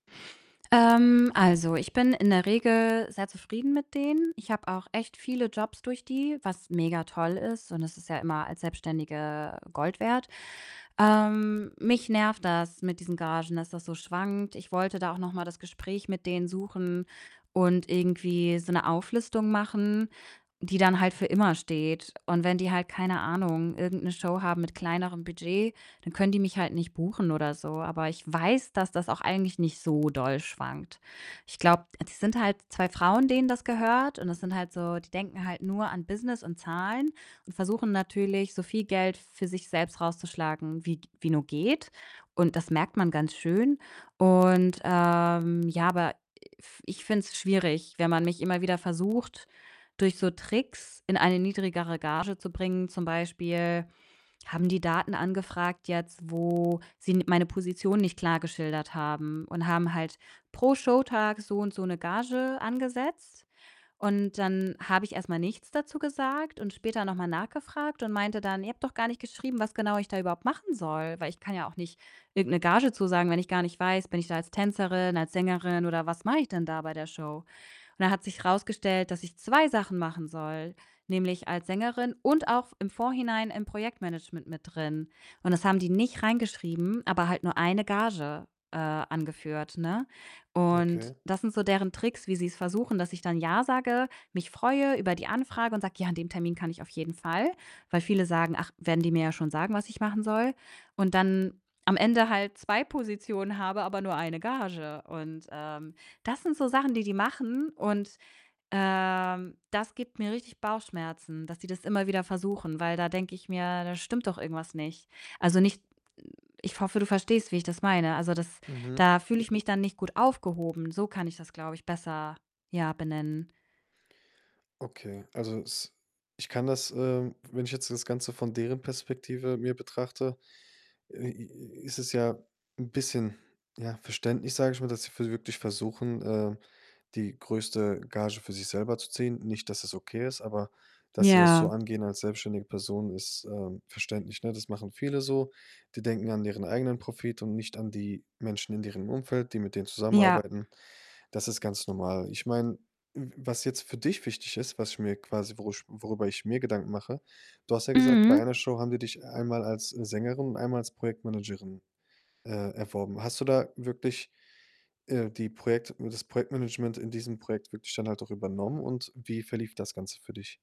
Ähm, also, ich bin in der Regel sehr zufrieden mit denen. Ich habe auch echt viele Jobs durch die, was mega toll ist und das ist ja immer als Selbstständige Gold wert. Ähm, mich nervt das mit diesen Gagen, dass das so schwankt. Ich wollte da auch noch mal das Gespräch mit denen suchen und irgendwie so 'ne Auflistung machen, die dann halt für immer steht. Und wenn die halt, keine Ahnung, irgend 'ne Show haben mit kleinerem Budget, dann können die mich halt nicht buchen oder so. Aber ich weiß, dass das auch eigentlich nicht so doll schwankt. Ich glaube die sind halt 2 Frauen, denen das gehört und das sind halt so die denken halt nur an Business und Zahlen und versuchen natürlich, so viel Geld für sich selbst rauszuschlagen, wie g wie nur geht. Und das merkt man ganz schön. Und, ähm, ja, aber i f ich finde es schwierig, wenn man mich immer wieder versucht, durch so Tricks in eine niedrigere Gage zu bringen. Zum Beispiel haben die Daten angefragt jetzt, wo sie n meine Position nicht klar geschildert haben und haben halt pro Showtag so und so 'ne Gage angesetzt. Und dann habe ich erst mal nichts dazu gesagt und später noch mal nachgefragt und meinte dann: „Ihr habt doch gar nicht geschrieben, was genau ich da überhaupt machen soll.“ Weil ich kann ja auch nicht irgend 'ne Gage zusagen, wenn ich gar nicht weiß, bin ich da als Tänzerin, als Sängerin oder was mache ich denn da bei der Show? Und dann hat sich rausgestellt, dass ich 2 Sachen machen soll, nämlich als Sängerin und auch V im Vorhinein im Projektmanagement mit drin. Und das haben die nicht reingeschrieben, aber halt nur 1 Gage, äh, angeführt, ne? Und Okay. das sind so deren Tricks, wie sie's versuchen, dass ich dann Ja sage, mich freue über die Anfrage und sage: „Ja, an dem Termin kann ich auf jeden Fall.“ Weil viele sagen: „Ach, werden die mir ja schon sagen, was ich machen soll." Und dann am Ende halt 2 Positionen habe, aber nur 1 Gage. Und, ähm, das sind so Sachen, die die machen und, ähm, das gibt mir richtig Bauchschmerzen, dass die das immer wieder versuchen, weil da denke ich mir: „Da stimmt doch irgendwas nicht.“ Also, nicht ich hoffe, du verstehst, wie ich das meine. Also, das Mhm. da fühle ich mich dann nicht gut aufgehoben. So kann ich das, glaube ich, besser, ja, benennen. Okay, also, es ich kann das, ähm wenn ich jetzt das Ganze von deren Perspektive mir betrachte, äh, i i ist es ja 'n bisschen, ja, verständlich, sage ich mal, dass sie v wirklich versuchen, ähm, die größte Gage für sich selber zu ziehen. Nicht, dass es okay ist, aber dass sie das so Ja. angehen als selbstständige Person ist, ähm, verständlich, ne? Das machen viele so. Die denken an deren eigenen Profit und nicht an die Menschen in deren Umfeld, die mit denen Ja. zusammenarbeiten. Das ist ganz normal. Ich meine, w was jetzt für dich wichtig ist, was ich mir quasi worü worüber ich mir Gedanken mache: du hast ja gesagt, bei Mhm. einer Show haben die dich einmal als Sängerin und einmal als Projektmanagerin, äh, erworben. Hast du da wirklich, äh, die Projekt das Projektmanagement in diesem Projekt wirklich dann halt auch übernommen? Und wie verlief das Ganze für dich?